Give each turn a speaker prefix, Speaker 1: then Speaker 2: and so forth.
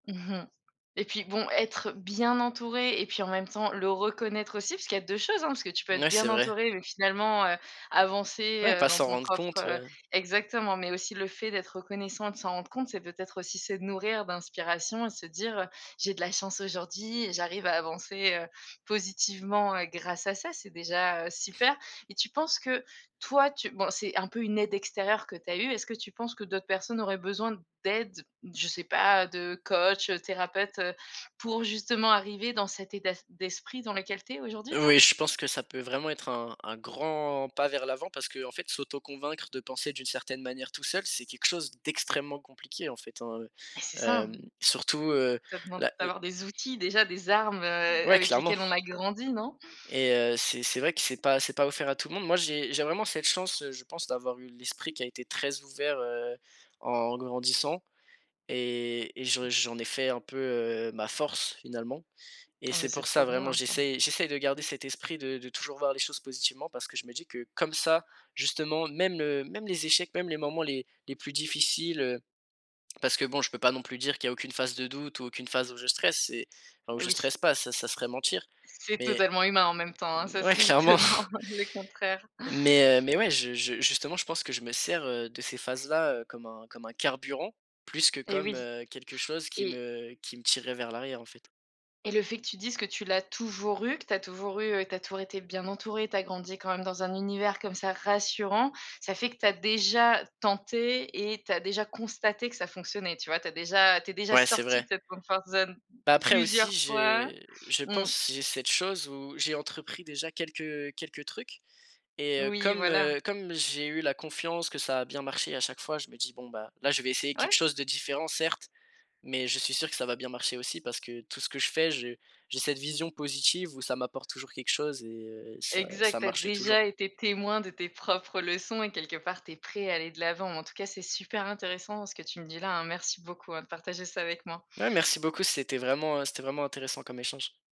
Speaker 1: Mmh mh. Et puis bon être, heu, bien entouré et puis en même temps le reconnaître aussi, parce qu'il y a 2 choses, hein, parce que tu peux être
Speaker 2: Ouais,
Speaker 1: bien
Speaker 2: c'est vrai.
Speaker 1: entouré mais finalement, heu, avancer,
Speaker 2: Ouais,
Speaker 1: heu,
Speaker 2: pas
Speaker 1: dans
Speaker 2: s'en
Speaker 1: ton
Speaker 2: rendre
Speaker 1: propre,
Speaker 2: compte,
Speaker 1: heu
Speaker 2: ouais.
Speaker 1: exactement mais aussi le fait d'être reconnaissant et de s'en rendre compte c'est peut-être aussi se nourrir d'inspiration et se dire: «Heu, j'ai de la chance aujourd'hui et j'arrive à avancer, heu, positivement, heu, grâce à ça», c'est déjà, heu, super. Et tu penses que toi tu bon c'est un peu une aide extérieure que tu as eue, est-ce que tu penses que d'autres personnes auraient besoin d'aide, je sais pas, de coach, heu, thérapeute, heu, pour justement arriver dans cet état s d'esprit dans lequel tu es aujourd'hui, toi?
Speaker 2: Oui, je pense que ça peut vraiment être un un grand pas vers l'avant parce qu'en fait s'auto-convaincre de penser d'une certaine manière tout seul, c'est quelque chose d'extrêmement compliqué, en fait, hein,
Speaker 1: Mais c'est ça,
Speaker 2: hem.
Speaker 1: hein.
Speaker 2: Surtout, heu,
Speaker 1: Ça demande
Speaker 2: la, le
Speaker 1: d'avoir des outils, déjà, des armes, heu,
Speaker 2: Ouais,
Speaker 1: avec
Speaker 2: clairement.
Speaker 1: lesquelles on a grandi, non?
Speaker 2: Et heu, c'est c'est vrai que c'est pas c'est pas offert à tout le monde. Moi j'ai j'ai vraiment cette chance, heu, je pense d'avoir eu l'esprit qui a été très ouvert, heu, en grandissant et et j'en j'en ai fait un peu, heu, ma force, finalement. Et
Speaker 1: Ah mais
Speaker 2: c'est
Speaker 1: c'est
Speaker 2: pour ça,
Speaker 1: trop
Speaker 2: vraiment
Speaker 1: bien, ça.
Speaker 2: j'essaye j'essaye de garder cet esprit de de toujours voir les choses positivement parce que je me dis que comme ça justement, même, heu, même les échecs, même les moments les les plus difficiles, heu parce que bon je peux pas non plus dire qu'il n'y a aucune phase de doute ou aucune phase où je stresse, c'est enfin où
Speaker 1: Eh
Speaker 2: je
Speaker 1: oui.
Speaker 2: stresse pas, ça, ça serait mentir.
Speaker 1: C'est
Speaker 2: Mais
Speaker 1: totalement humain en même temps, hein, ça
Speaker 2: mouais,
Speaker 1: serait
Speaker 2: clairement.
Speaker 1: étonnant, le contraire.
Speaker 2: Mais heu, mais, ouais, je je justement je pense que je me sers, heu, de ces phases-là, heu, comme un comme un carburant plus que
Speaker 1: Eh
Speaker 2: comme,
Speaker 1: oui.
Speaker 2: heu, quelque chose qui
Speaker 1: Et
Speaker 2: me qui me tirerait vers l'arrière, en fait.
Speaker 1: et le fait que tu dises que tu l'as toujours eu, que tu as toujours eu que tu as toujours été bien entouré, tu as grandi quand même dans un univers comme ça rassurant, ça fait que tu as déjà tenté et tu as déjà constaté que ça fonctionnait, tu vois? Tu as déjà tu es déjà
Speaker 2: Ouais, c'est
Speaker 1: sorti
Speaker 2: vrai.
Speaker 1: de cette comfort zone
Speaker 2: Bah, après aussi
Speaker 1: plusieurs fois.
Speaker 2: j'ai je
Speaker 1: Mmh.
Speaker 2: pense, j'ai cette chose où j'ai entrepris déjà quelques, heu, quelques trucs et heu,
Speaker 1: Oui,
Speaker 2: comme,
Speaker 1: voilà.
Speaker 2: heu, comme j'ai eu la confiance que ça a bien marché à chaque fois, je me dis: «Bon bah, là je vais essayer quelque
Speaker 1: Ouais.
Speaker 2: chose de différent certes, mais je suis sûr que ça va bien marcher aussi parce que tout ce que je fais, j'ai j'ai cette vision positive où ça m'apporte toujours quelque chose et heu, ça
Speaker 1: Exact,
Speaker 2: ça
Speaker 1: tu as
Speaker 2: marche toujours.»
Speaker 1: déjà été témoin de tes propres leçons et quelque part tu es prêt à aller de l'avant, en tout cas c'est super intéressant ce que tu me dis là, hein, merci beaucoup, heu, de partager ça avec moi.
Speaker 2: Ouais, merci beaucoup, c'était vraiment heu, c'était vraiment intéressant comme échange.